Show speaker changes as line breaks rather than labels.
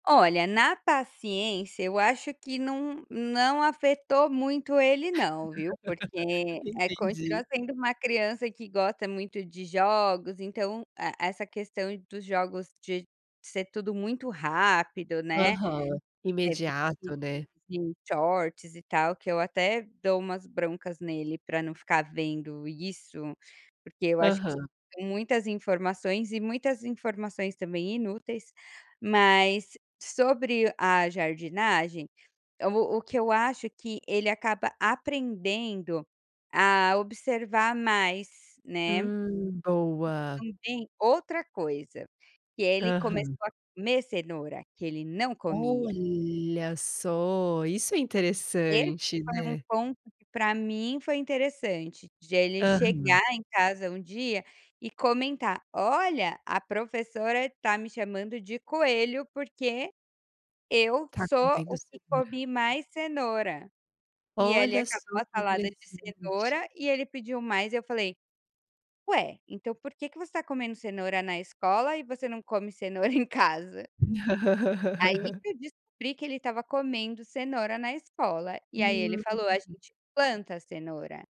Olha, na paciência, eu acho que não não afetou muito ele não, viu, porque
Entendi.
continua sendo uma criança que gosta muito de jogos, então e essa questão dos jogos de ser tudo muito rápido, né,
Aham.
[unintelligible]
Imediato, né.
shorts e tal, que eu até dou umas broncas nele para não ficar vendo isso, porque eu acho que
Aham.
muitas informações e muitas informações também inúteis, mas sobre a jardinagem, o o que eu acho que ele acaba aprendendo a observar mais, né.
Hum, boa.
Também outra coisa, que ele começou
Aham.
a comer cenoura que ele não comia.
Olha só, isso é
Esse
interessante,
foi um
né.
ponto que para mim foi interessante, de ele chegar
Aham.
em casa um dia e comentar, olha a professora tá me chamando de coelho, porque eu
Ta
sou
comendo
o que
cenoura.
comi mais cenoura, e ele
Olha só
acabou a
que
salada de
interessante.
cenoura e ele pediu mais e eu falei: "Ué, então por que que você tá comendo cenoura na escola e você não come cenoura em casa?". Aí que eu descobri que ele estava comendo cenoura na escola e aí ele falou a
Hum.
gente planta cenoura.